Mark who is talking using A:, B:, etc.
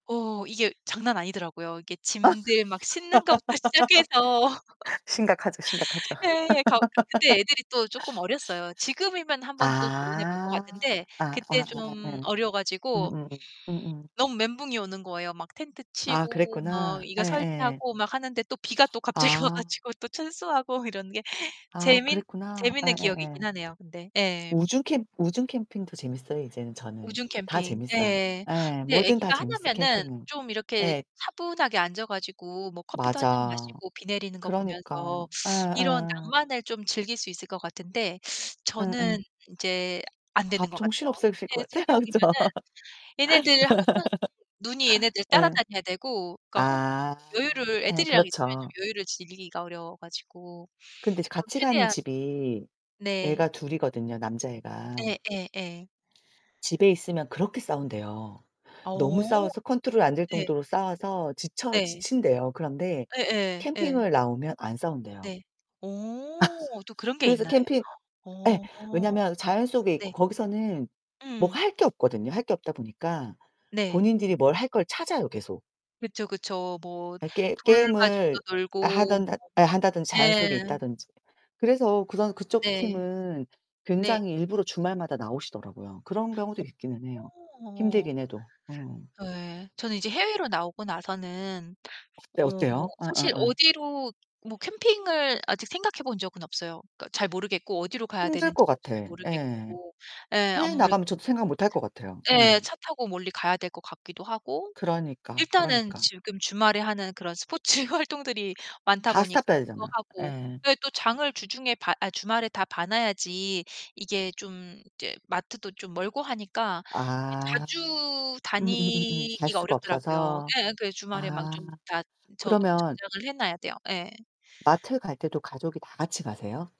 A: 어 이게 장난 아니더라고요. 이게
B: 아.
A: 짐들 막 싣는 것부터 시작해서
B: 심각하죠, 심각하죠.
A: 네, 가 그때 애들이 또 쪼끔 어렸어요. 지금이면 한번 또 도전해 볼 것
B: 아.
A: 같은데
B: 아 아
A: 그때
B: 아아
A: 좀
B: 예.
A: 어려 가지고
B: 음음. 음음.
A: 너무 멘붕이 오는 거예요. 막 텐트
B: 아
A: 치고 막
B: 그랬구나.
A: 이거
B: 예예.
A: 설치하고 막 하는데 또 비가 또 갑자기 와
B: 아.
A: 가지고 또 철수하고 이러는 게
B: 아
A: 재밌
B: 그랬구나.
A: 재밌는
B: 예예예.
A: 기억이긴 하네요 근데. 예.
B: 우중 캠 우중 캠핑도 재밌어요 이제는 저는.
A: 우중
B: 다
A: 캠핑.
B: 재밌어요.
A: 예.
B: 예,
A: 근데
B: 뭐든 다
A: 애기가
B: 재밌어요
A: 하나면은
B: 캠핑은.
A: 좀 이렇게
B: 예.
A: 차분하게 앉아 가지고 뭐 커피도 1 잔
B: 맞아.
A: 마시고 비 내리는 거 보면서
B: 그러니까.
A: 이런
B: 예예.
A: 낭만을 좀 즐길 수 있을 것 같은데, 저는
B: 응응.
A: 인제 안 되는
B: 밥
A: 것
B: 정신
A: 같아요.
B: 없으실
A: 애
B: 것 같아,
A: 3
B: 아 그쵸?
A: 명이면은 얘네들 항상 눈이 얘네들
B: 예.
A: 따라다녀야 되고 그러니까 혼자
B: 아
A: 쪼끔 여유를
B: 예
A: 애들이랑 있으면
B: 그렇죠.
A: 좀 여유를 즐기기가 어려워 가지고
B: 근데
A: 좀
B: 같이 가는
A: 최대한
B: 집이
A: 네.
B: 애가 둘이거든요 남자애가.
A: 예 예 예.
B: 집에 있으면 그렇게 싸운대요. 너무
A: 어.
B: 싸워서 컨트롤 안 될
A: 네.
B: 정도로 싸워서 지쳐
A: 네.
B: 지친대요. 그런데
A: 예예, 예.
B: 캠핑을 나오면 안 싸운대요.
A: 네. 어 또 그런 게
B: 그래서
A: 있나요?
B: 캠핑 예.
A: 어.
B: 왜냐면 자연 속에 있고
A: 네.
B: 거기서는 뭐
A: 음.
B: 할 게 없거든요. 할 게 없다 보니까
A: 네.
B: 본인들이 뭘 할 걸 찾아요 계속.
A: 그쵸, 그쵸. 뭐
B: 예 게
A: 돌
B: 게임을
A: 가지고도 놀고
B: 하든
A: 뭐
B: 한다든지 자연 속에
A: 네.
B: 있다든지. 그래서 그런 그쪽
A: 네.
B: 팀은
A: 네.
B: 굉장히 일부러 주말마다 나오시더라고요. 그런 경우도
A: 어.
B: 있기는 해요.
A: 어.
B: 힘들긴 해도. 어.
A: 예, 저는 이제 해외로 나오고 나서는
B: 어때,
A: 어 뭐
B: 어때요?
A: 사실
B: 어어어.
A: 어디로 뭐 캠핑을 아직 생각해 본 적은 없어요. 그러니까 잘 모르겠고 어디로 가야
B: 힘들 것
A: 되는지도
B: 같아.
A: 잘
B: 예.
A: 모르겠고. 예,
B: 해외
A: 아무래도
B: 나가면 저도 생각 못할 것 같아요. 예.
A: 예. 차 타고 멀리 가야 될 것 같기도 하고
B: 그러니까,
A: 일단은
B: 그러니까.
A: 지금 주말에 하는 그런 스포츠 활동들이 많다
B: 다
A: 보니까
B: 스탑 해야
A: 그거
B: 되잖아.
A: 하고
B: 예.
A: 왜 또 장을 주중에 봐 아 주말에 다 봐 놔야지 이게 좀 이제 마트도 좀 멀고 하니까 이게
B: 아
A: 자주
B: 음음음음 갈
A: 다니기가
B: 수가
A: 어렵더라고요.
B: 없어서.
A: 예예. 그래서 주말에 막
B: 아
A: 좀 다 저
B: 그러면
A: 저장을 해 놔야 돼요. 예.
B: 마트 갈 때도 가족이 다 같이 가세요?